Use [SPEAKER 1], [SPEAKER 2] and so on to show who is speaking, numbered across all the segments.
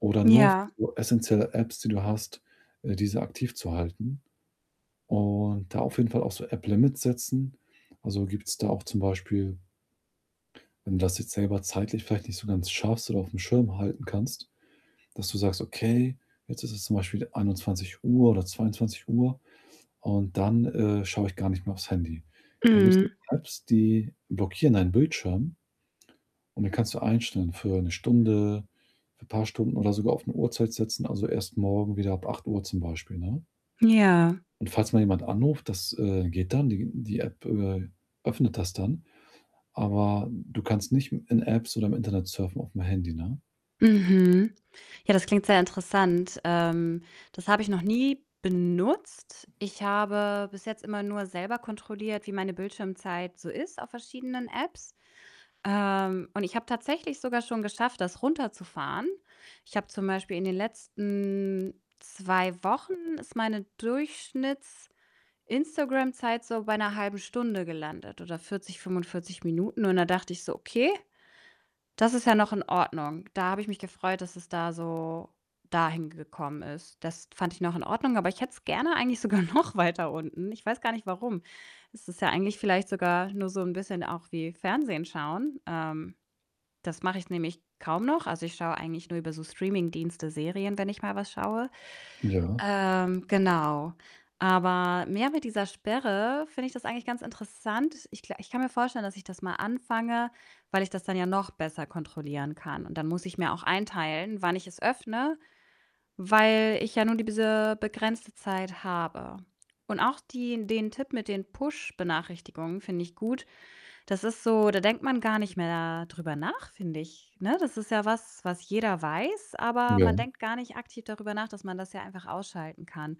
[SPEAKER 1] Oder nur auf
[SPEAKER 2] Ja.
[SPEAKER 1] so essenzielle Apps, die du hast, äh, diese aktiv zu halten, und da auf jeden Fall auch so App-Limits setzen. Also, gibt's da auch zum Beispiel wenn du das jetzt selber zeitlich vielleicht nicht so ganz schaffst oder aufm Schirm halten kannst, dass du sagst: „Okay, jetzt ist es zum Beispiel 21:00 oder 22:00 und dann, äh, schaue ich gar nicht mehr aufs Handy.“ Dann gibt's
[SPEAKER 2] Mhm.
[SPEAKER 1] [unintelligible] Apps, die blockieren deinen Bildschirm und dann kannst du einstellen für 1 Stunde, für paar Stunden oder sogar auf 'ne Uhrzeit setzen, also, „Erst morgen wieder ab 08:00“, zum Beispiel, ne?
[SPEAKER 2] Ja.
[SPEAKER 1] Und falls mal jemand anruft, das, äh, geht dann, die die App, äh, öffnet das dann, aber du kannst nicht i in Apps oder im Internet surfen aufm Handy, ne?
[SPEAKER 2] Mhm. Ja, das klingt sehr interessant. Ähm, das habe ich noch nie benutzt. Ich habe bis jetzt immer nur selber kontrolliert, wie meine Bildschirmzeit so ist auf verschiedenen Apps. Ähm, und ich habe tatsächlich sogar schon geschafft, das runterzufahren. Ich habe zum Beispiel in den letzten 2 Wochen ist meine Durchschnitts-Instagram-Zeit so bei 'ner 1/2 Stunde gelandet oder 40, 45 Minuten und da dachte ich so: „Okay, das ist ja noch in Ordnung.“ Da habe ich mich gefreut, dass es da so dahin gekommen ist. Das fand ich noch in Ordnung, aber ich hätte es gerne eigentlich sogar noch weiter unten. Ich weiß gar nicht warum. Es ist ja eigentlich vielleicht sogar nur so 'n bisschen auch wie Fernsehen schauen. Ähm, das mache ich nämlich kaum noch. Also, ich schaue eigentlich nur über so Streamingdienste Serien, wenn ich mal was schaue.
[SPEAKER 1] Ja.
[SPEAKER 2] Ähm, genau. Aber mehr mit dieser Sperre finde ich das eigentlich ganz interessant. Ich gla ich kann mir vorstellen, dass ich das mal anfange, weil ich das dann ja noch besser kontrollieren kann. Und dann muss ich mir auch einteilen, wann ich es öffne, weil ich ja nur diese begrenzte Zeit habe. Und auch die den Tipp mit den Push-Benachrichtigungen finde ich gut. Das ist so da denkt man gar nicht mehr drüber nach, finde ich, ne? Das ist ja was, was jeder weiß, aber man
[SPEAKER 1] Ja.
[SPEAKER 2] denkt gar nicht aktiv darüber nach, dass man das ja einfach ausschalten kann.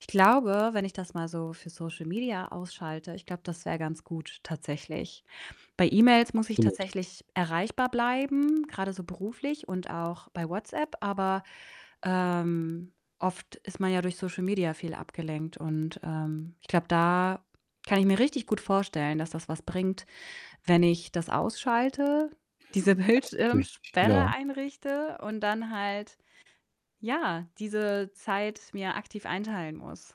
[SPEAKER 2] Ich glaube, wenn ich das mal so für Social Media ausschalte, ich glaube, das wäre ganz gut tatsächlich. Bei E-Mails muss ich
[SPEAKER 1] Absolut.
[SPEAKER 2] tatsächlich erreichbar bleiben, grade so beruflich und auch bei WhatsApp, aber, ähm, oft ist man ja durch Social Media viel abgelenkt und, ähm, ich glaube, da kann ich mir richtig gut vorstellen, dass das was bringt, wenn ich das ausschalte, diese
[SPEAKER 1] Das natürlich nicht,
[SPEAKER 2] Bildschirmsperre
[SPEAKER 1] ja.
[SPEAKER 2] einrichte und dann halt, ja, diese Zeit mir aktiv einteilen muss.